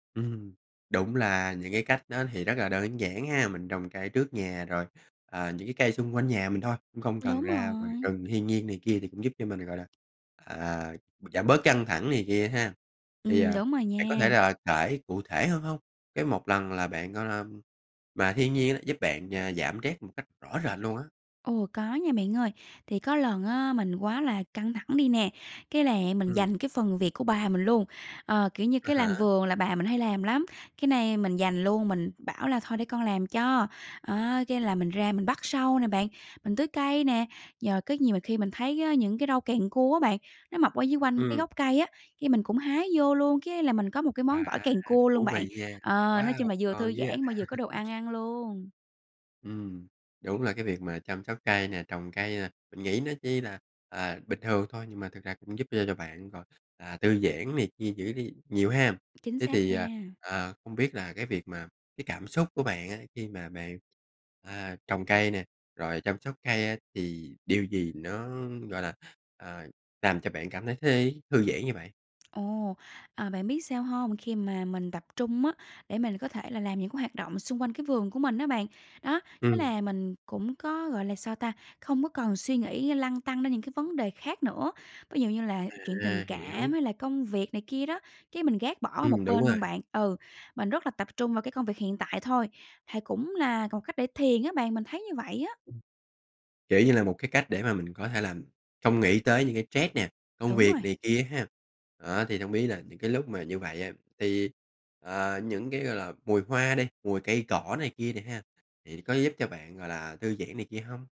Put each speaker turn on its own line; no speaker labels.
Ừm, đúng là những cái cách đó thì rất là đơn giản ha, mình trồng cây trước nhà rồi, à, những cái cây xung quanh nhà mình thôi. Cũng không cần
Đúng
ra ngoài
rồi.
rừng thiên nhiên này kia, thì cũng giúp cho mình, gọi là, à, b giảm bớt căng thẳng này kia ha. Thì, à,
Ừm, đúng rồi
bạn có thể
nha.
là kể cụ thể hơn hông? Cái một lần là bạn, gọi là mà thiên nhiên giúp bạn, à, giảm stress một cách rõ rệt luôn á.
Ồ! Có nha bạn ơi. Thì có lần á mình quá là căng thẳng đi nè, cái là mình
Ừm.
giành cái phần việc của bà mình luôn. Ờ, kiểu như,
À
cái
há.
làm vườn là bà mình hay làm lắm, cái nay mình giành luôn, mình bảo là "Thôi để con làm cho." Á, cái là mình ra mình bắt sâu nè bạn, mình tưới cây nè, nhờ có nhiều mà khi mình thấy á những cái rau càng cua á bạn, nó mọc ở dưới quanh cái
Ừm.
gốc cây á, cái mình cũng hái vô luôn, cái là mình có một cái
Wow,
món gỏi càng cua luôn
thú
bạn.
vị nha!
Ờ, nói chung
Wow,
là vừa
ngon
thư
dữ vậy!
giãn mà vừa có đồ ăn ăn luôn.
Ừm, đúng là cái việc mà chăm sóc cây nè, trồng cây nè, mình nghĩ nó chỉ là, à, bình thường thôi nhưng mà thực ra cũng giúp cho cho bạn rồi, à, tư giãn này kia giữ đi nhiều ha.
Chính
Thế
xác
thì, à,
nha.
à, không biết là cái việc mà cái cảm xúc của bạn á khi mà bạn, à, trồng cây nè, rồi chăm sóc cây á, thì điều gì nó, gọi là, ờ, làm cho bạn cảm thấy thấy thư giãn như vậy?
Ồ! À, bạn biết sao hông? Khi mà mình tập trung á để mình có thể là làm những cái hoạt động xung quanh cái vườn của mình á bạn, đó, thế
Ừm.
là mình cũng có, gọi là, sao ta không có còn suy nghĩ lăn tăn ra những cái vấn đề khác nữa. Ví dụ như là chuyện tình
À, hiểu.
cảm hay là công việc này kia đó, cái mình gác bỏ
Ừm,
một
đúng
bên
rồi.
luôn bạn. Ừ, mình rất là tập trung vào cái công việc hiện tại thôi, hài cũng là một cách để thiền á bạn. Mình thấy như vậy á.
Ừm. Kiểu như là một cái cách để mà mình có thể làm không nghĩ tới những cái stress nè, công
Đúng
việc
rồi.
này kia ha. Đó, thì hông biết là những cái lúc mà như vậy á thì, à, những cái, gọi là, mùi hoa đi, mùi cây cỏ này kia đi ha, thì có giúp cho bạn, gọi là, thư giãn này kia hông?